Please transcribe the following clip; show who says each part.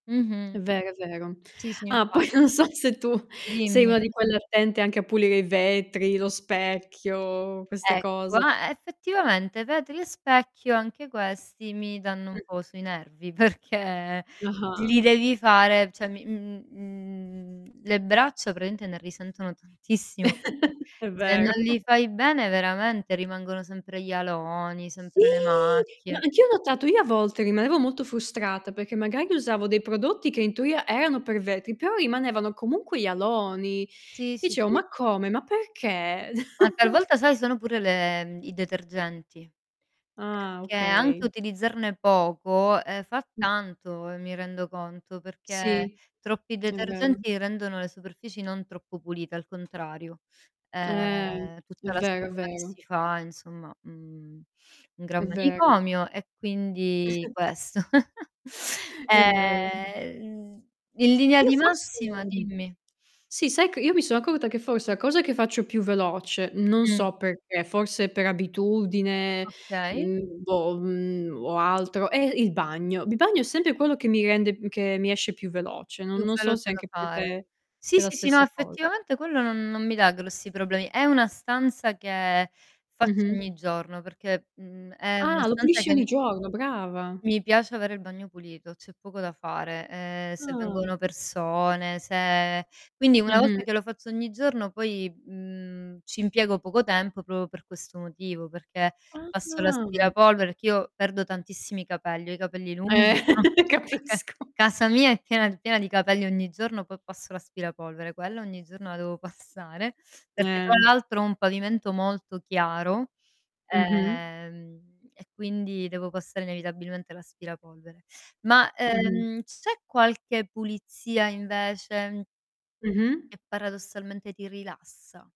Speaker 1: Mh-mh.
Speaker 2: È vero, è vero.
Speaker 1: Sì, sì,
Speaker 2: Ah,
Speaker 1: infa
Speaker 2: poi non so se tu sei
Speaker 1: Dimmi.
Speaker 2: una di quelle attente anche a pulire i vetri, lo specchio, queste
Speaker 1: Ecco,
Speaker 2: cose.
Speaker 1: eh, effettivamente i vetri e specchio anche questi mi danno un
Speaker 2: Mh.
Speaker 1: po' sui nervi, perché
Speaker 2: Ah-ah.
Speaker 1: li devi fare cioè, mi mhmm, mhmm, le braccia praticamente ne risentono tantissimo, perché
Speaker 2: È
Speaker 1: se non
Speaker 2: vero.
Speaker 1: li fai bene veramente rimangono sempre gli aloni,
Speaker 2: Sì,
Speaker 1: sempre le
Speaker 2: ma
Speaker 1: macchie.
Speaker 2: anch'io ho notato. Io, a volte, rimanevo molto frustrata, perché magari usavo dei prodotti che in teoria erano per vetri, però rimanevano comunque gli aloni.
Speaker 1: Sì, sì,
Speaker 2: Dicevo:
Speaker 1: sì.
Speaker 2: "Ma come? Ma perché?"
Speaker 1: Ma talvolta sai, sono pure le mhmm, i detergenti,
Speaker 2: Ah,
Speaker 1: perché
Speaker 2: okay.
Speaker 1: anche utilizzarne poco, ehm, fa
Speaker 2: Mh.
Speaker 1: tanto e mi rendo conto, perché
Speaker 2: Sì,
Speaker 1: troppi
Speaker 2: è vero.
Speaker 1: detergenti rendono le superfici non troppo pulite, al contrario.
Speaker 2: Eh,
Speaker 1: Ehm,
Speaker 2: è
Speaker 1: tutta la
Speaker 2: vero, è
Speaker 1: schiuma che
Speaker 2: vero.
Speaker 1: si, fa, insomma, mhmm, un
Speaker 2: È
Speaker 1: gran
Speaker 2: vero
Speaker 1: manicomio e quindi, questo.
Speaker 2: È vero.
Speaker 1: Ehm, in linea
Speaker 2: Io
Speaker 1: di
Speaker 2: forse
Speaker 1: massima Dimmi.
Speaker 2: sì sai che io mi sono accorta che forse la cosa che faccio più veloce, non
Speaker 1: Mh.
Speaker 2: so perché, forse per abitudine,
Speaker 1: Okay.
Speaker 2: mhmm, boh, mhmm, o altro, è il bagno. Il bagno è sempre quello che mi rende m che mi esce più veloce, non
Speaker 1: Più
Speaker 2: non so se
Speaker 1: veloce da
Speaker 2: anche per
Speaker 1: fare
Speaker 2: te è
Speaker 1: Sì,
Speaker 2: la
Speaker 1: sì, sì, no
Speaker 2: stessa cosa.
Speaker 1: effettivamente quello non non mi dà grossi problemi. È una stanza che, faccio
Speaker 2: Mh-mh.
Speaker 1: ogni giorno, perché, mhmm, è una
Speaker 2: Ah, lo
Speaker 1: stanza
Speaker 2: pulisci ogni
Speaker 1: che
Speaker 2: giorno, brava.
Speaker 1: Mi piace avere il bagno pulito, c'è poco da fare, ehm, se
Speaker 2: Ah.
Speaker 1: vengono persone, se quindi una
Speaker 2: Mh-mh.
Speaker 1: volta che lo faccio ogni giorno poi, mhmm, ci impiego poco tempo proprio per questo motivo, perché passo
Speaker 2: Ah.
Speaker 1: l'aspirapolvere perché io perdo tantissimi capelli, ho i capelli
Speaker 2: Eh,
Speaker 1: lunghi [unintelligible]
Speaker 2: capisco.
Speaker 1: Casa mia è piena d piena di capelli ogni giorno, poi, passo l'aspirapolvere, quella ogni giorno la devo passare, perché tra
Speaker 2: Eh.
Speaker 1: l'altro ho un pavimento molto chiaro,
Speaker 2: Mh-mh.
Speaker 1: ehm, e, quindi devo passare inevitabilmente l'aspirapolvere. Ma,
Speaker 2: Mh-mh.
Speaker 1: ehm, c'è qualche pulizia invece
Speaker 2: Mh-mh.
Speaker 1: che paradossalmente ti rilassa?